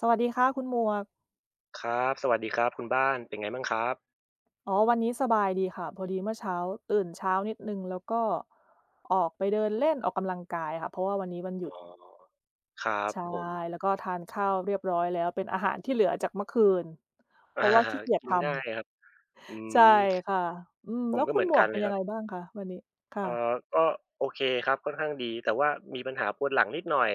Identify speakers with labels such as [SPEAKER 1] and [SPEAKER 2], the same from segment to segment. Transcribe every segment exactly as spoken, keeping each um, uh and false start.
[SPEAKER 1] สวัสดีค่ะคุณหมวก
[SPEAKER 2] ครับ สวัสดีครับคุณบ้าน เป็นไงมั่งครับ?
[SPEAKER 1] อ๋อ วันนี้สบายดีค่ะ พอดีเมื่อเช้าตื่นเช้านิดหนึ่ง แล้วก็ออกไปเดินเล่นออกกำลังกายค่ะ เพราะว่าวันนี้วันหย
[SPEAKER 2] อ
[SPEAKER 1] ุ
[SPEAKER 2] ๋
[SPEAKER 1] ด
[SPEAKER 2] อ ครั
[SPEAKER 1] ใ
[SPEAKER 2] บ
[SPEAKER 1] ช่
[SPEAKER 2] ผม
[SPEAKER 1] แล้วก็ทานข้าวเรียบร้อยแล้ว เป็นอาหารที่เหลือจากเมื่อคืน เ
[SPEAKER 2] อ
[SPEAKER 1] พ
[SPEAKER 2] า
[SPEAKER 1] ราะว่าขี้เกียจ
[SPEAKER 2] กิ
[SPEAKER 1] ท
[SPEAKER 2] นง่าย
[SPEAKER 1] ำ
[SPEAKER 2] ครับ อื
[SPEAKER 1] ใช่
[SPEAKER 2] ม
[SPEAKER 1] ค่ะ อืม
[SPEAKER 2] ผ
[SPEAKER 1] แล้
[SPEAKER 2] ม
[SPEAKER 1] ว
[SPEAKER 2] ก็
[SPEAKER 1] ค
[SPEAKER 2] เ
[SPEAKER 1] ุ
[SPEAKER 2] ห
[SPEAKER 1] ณ
[SPEAKER 2] มือ
[SPEAKER 1] ห
[SPEAKER 2] น
[SPEAKER 1] ม
[SPEAKER 2] ก
[SPEAKER 1] ว
[SPEAKER 2] ั
[SPEAKER 1] ก
[SPEAKER 2] น
[SPEAKER 1] เป
[SPEAKER 2] เ
[SPEAKER 1] ็
[SPEAKER 2] ล
[SPEAKER 1] น
[SPEAKER 2] ย
[SPEAKER 1] ยั
[SPEAKER 2] คร
[SPEAKER 1] งไ
[SPEAKER 2] ั
[SPEAKER 1] ง
[SPEAKER 2] บ
[SPEAKER 1] บ้างคะวันนี้? ค่
[SPEAKER 2] เอ
[SPEAKER 1] ะ
[SPEAKER 2] อ ก็โอเคครับ ค่อนข้างดี แต่ว่ามีปัญหาปวดหลังนิดหน่อย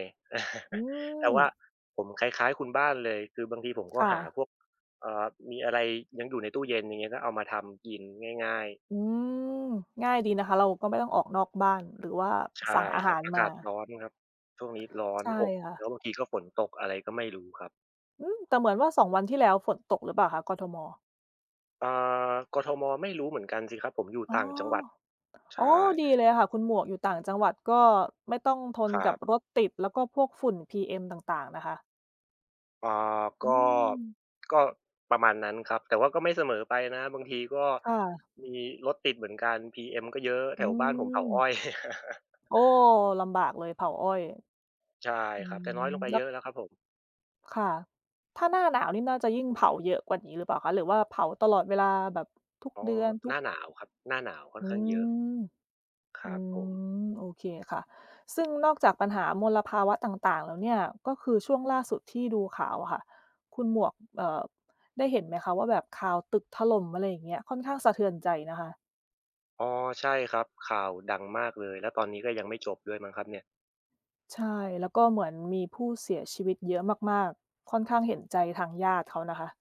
[SPEAKER 1] อื
[SPEAKER 2] แต่ว่า
[SPEAKER 1] ม
[SPEAKER 2] ผมคล้าย ๆ คุณบ้านเลย คือบางทีผมก
[SPEAKER 1] ค
[SPEAKER 2] ็
[SPEAKER 1] ่
[SPEAKER 2] หา
[SPEAKER 1] ะ
[SPEAKER 2] พวก เอ่อ มีอะไรยังอยู่ในตู้เย็น อย่างเงี้ย ก็เอามาทำกินง่าย ๆ
[SPEAKER 1] อืม ง่ายดีนะคะ เราก็ไม่ต้องออกนอกบ้าน หรือว่า
[SPEAKER 2] ใช
[SPEAKER 1] สั
[SPEAKER 2] ่
[SPEAKER 1] ่งอา
[SPEAKER 2] ค
[SPEAKER 1] ห
[SPEAKER 2] รั
[SPEAKER 1] า
[SPEAKER 2] บ
[SPEAKER 1] ร
[SPEAKER 2] อา
[SPEAKER 1] ม
[SPEAKER 2] กาศ
[SPEAKER 1] า
[SPEAKER 2] ร้อนครับ ช่วงนี้ร้อ
[SPEAKER 1] ใ
[SPEAKER 2] น
[SPEAKER 1] ช่
[SPEAKER 2] อบ
[SPEAKER 1] ค่
[SPEAKER 2] แล
[SPEAKER 1] ะ
[SPEAKER 2] ้วบางทีก็ฝนตก อะไรก็ไม่รู้ครับ
[SPEAKER 1] อืม แต่เหมือนว่า สอง วันที่แล้วฝนตกหรือเปล่าคะ? กทม.
[SPEAKER 2] อ่า กทม. ไม่รู้เหมือนกันสิครับ ผมอยู่
[SPEAKER 1] อ๋อ
[SPEAKER 2] ต่างจังหวัด ใช
[SPEAKER 1] อ๋อ
[SPEAKER 2] ่
[SPEAKER 1] ดีเลยอะค่ะคุณหมวก อยู่ต่างจังหวัดก็ไม่ต้องทน
[SPEAKER 2] คร
[SPEAKER 1] กั
[SPEAKER 2] ั
[SPEAKER 1] บ
[SPEAKER 2] บ
[SPEAKER 1] รถติด แล้วก็พวกฝุ่น PM ต่าง ๆ นะคะ
[SPEAKER 2] อ่า
[SPEAKER 1] อื
[SPEAKER 2] ก็
[SPEAKER 1] ม
[SPEAKER 2] ก็ประมาณนั้นครับ แต่ว่าก็ไม่เสมอไปนะ บางทีก็
[SPEAKER 1] ค่ะ
[SPEAKER 2] มีรถติดเหมือนกัน PM ก็เยอะ แ
[SPEAKER 1] อ
[SPEAKER 2] ถ
[SPEAKER 1] ื
[SPEAKER 2] วบ้านผมเผาอ
[SPEAKER 1] ม
[SPEAKER 2] ้อย
[SPEAKER 1] โอ้! ลำบากเลยเผาอ้อย
[SPEAKER 2] ใช่
[SPEAKER 1] อื
[SPEAKER 2] ครับ
[SPEAKER 1] ม
[SPEAKER 2] แต่น้อยลงไป
[SPEAKER 1] แล
[SPEAKER 2] เ
[SPEAKER 1] ้
[SPEAKER 2] ยอ
[SPEAKER 1] ว
[SPEAKER 2] ะแล้วครับผม
[SPEAKER 1] ค่ะ ถ้าหน้าหนาวนี่น่าจะยิ่งเผาเยอะกว่านี้หรือเปล่าคะ? หรือว่าเผาตลอดเวลาแบบทุก
[SPEAKER 2] อ๋อ
[SPEAKER 1] เดือน ท
[SPEAKER 2] หน
[SPEAKER 1] ุ
[SPEAKER 2] ้
[SPEAKER 1] ก
[SPEAKER 2] าหนาวครับ หน้าหนาวค่อน
[SPEAKER 1] อื
[SPEAKER 2] ข้างเยอะ
[SPEAKER 1] ม
[SPEAKER 2] ค
[SPEAKER 1] อ
[SPEAKER 2] ร
[SPEAKER 1] ื
[SPEAKER 2] ับผม
[SPEAKER 1] ม โอเคค่ะ ซึ่งนอกจากปัญหามลภาวะต่าง ๆ แล้วเนี่ย ก็คือช่วงล่าสุดที่ดูข่าวอะค่ะ คุณหมวก เอ่อ ได้เห็นไหมคะ? ว่า แบบข่าวตึกถล่ม อะไรอย่างเงี้ย ค่อนข้างสะเทือนใจนะคะ
[SPEAKER 2] อ๋อ ใช่ครับ ข่าวดังมากเลย แล้วตอนนี้ก็ยังไม่จบด้วยมั้งครับเนี่ย
[SPEAKER 1] ใช่ แล้วก็เหมือนมีผู้เสียชีวิตเยอะมาก ๆ ค่อนข้างเห็นใจทางญาติเขานะคะ